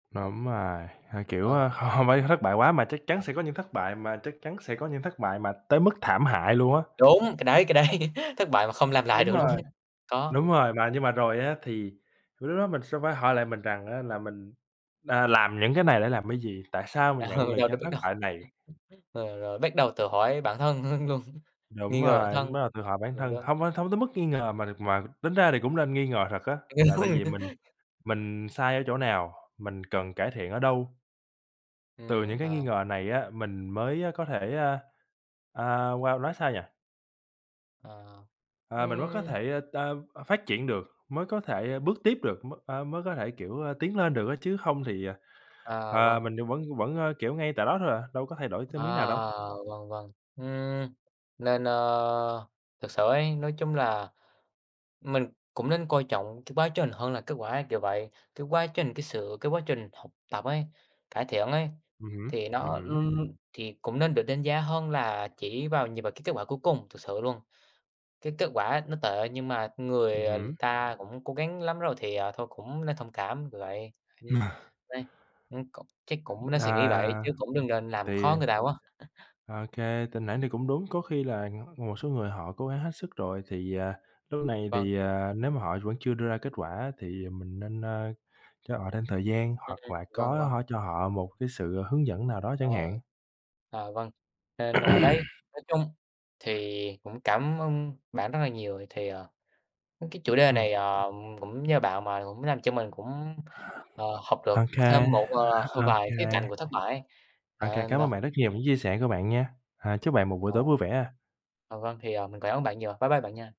Đúng rồi! Ơ, kiểu, Vâng. a, h hông phải thất bại quá, mà chắc chắn sẽ có những thất bại mà chắc chắn sẽ có những thất bại mà tới mức thảm hại luôn á. Đúng, cái đấy cái đấy. Thất bại mà không làm lại Đúng được luôn rồi, ấy. Có. đúng rồi. Mà nhưng mà rồi á thì c lúc đó mình sẽ phải hỏi lại mình rằng á là mình, à, làm những cái này để làm cái gì? Tại sao mình Ờ, nhận được đâu đâu những biết thất đâu. bại này? Rồi rồi bắt đầu tự hỏi bản thân, ưm, luôn, Đúng nghi ngờ bản rồi! thân. Bắt đầu tự hỏi bản Cũng thân, đúng. hông phải, hông tới mức nghi ngờ mà đ mà tính ra thì cũng nên nghi ngờ thật á, là tại vì mình mình sai ở chỗ nào? Mình cần cải thiện ở đâu? Từ Ừm, những cái nghi ờ. ngờ này á, mình mới, a, có thể, a, a, wow, nói sao nhỉ? Ờ, Ờ, mình mới có ưm. thể, ơ, t phát triển được, mới có thể, a, bước tiếp được, mới, a, mới có thể, kiểu, a, tiến lên được á, chứ hông thì, à, À, à, vâng. mình vẫn vẫn, ơ, kiểu, ngay tại đó thôi à, đâu có thay đổi À, thêm miếng nào đâu. vâng, vâng, ừm, nên, ơ, thực sự ấy, nói chung là mình cũng nên coi trọng cái quá trình hơn là kết quả ấy, kiểu vậy. Cái quá trình, cái sự cái quá trình học tập ấy, cải thiện ấy, Ừm hứm, thì ừm nó, hứm. ưm, thì cũng nên được đánh giá hơn là chỉ vào nhìn vào cái kết quả cuối cùng, thực sự luôn. Cái kết quả á nó tệ nhưng mà người, Ừm ờ, hứm. ta cũng cố gắng lắm rồi, thì, ờ, thôi cũng nên thông cảm, kiểu vậy. Ừm, đấy, ừm, cũng chắc cũng nên suy nghĩ vậy, chứ À. cũng đừng nên làm Tại vì khó người ta quá. OK, [unintelligible] thì cũng đúng, có khi là, ờ, một số người họ cố gắng hết sức rồi thì, à, lúc này Vâng. thì, à, nếu mà họ vẫn chưa đưa ra kết quả, thì mình nên, ơ, cho họ thêm thời gian, Ừm, hoặc là vâng, có vâng. họ cho họ một cái sự, ờ, hướng dẫn nào đó chẳng Ờ, hạn. ờ, vâng, nên, ơ, đấy, nói chung thì cũng cảm ơn bạn rất là nhiều, ờ, thì, ờ, ưm, cái chủ đề Ừm. này, ờ, cũng nhờ bạn mà cũng làm cho mình cũng, ờ, học được OK, thêm một, ờ, vài khía cạnh OK. của thất bại ấy. OK, Ờ, cảm ơn bạn rất nhiều [unintelligible] những chia sẻ của bạn nha. Ờ, chúc bạn một buổi tối [unintelligible] vui vẻ ha. À, vâng, thì, à, mình cảm ơn bạn nhiều. Bye bye bạn nha.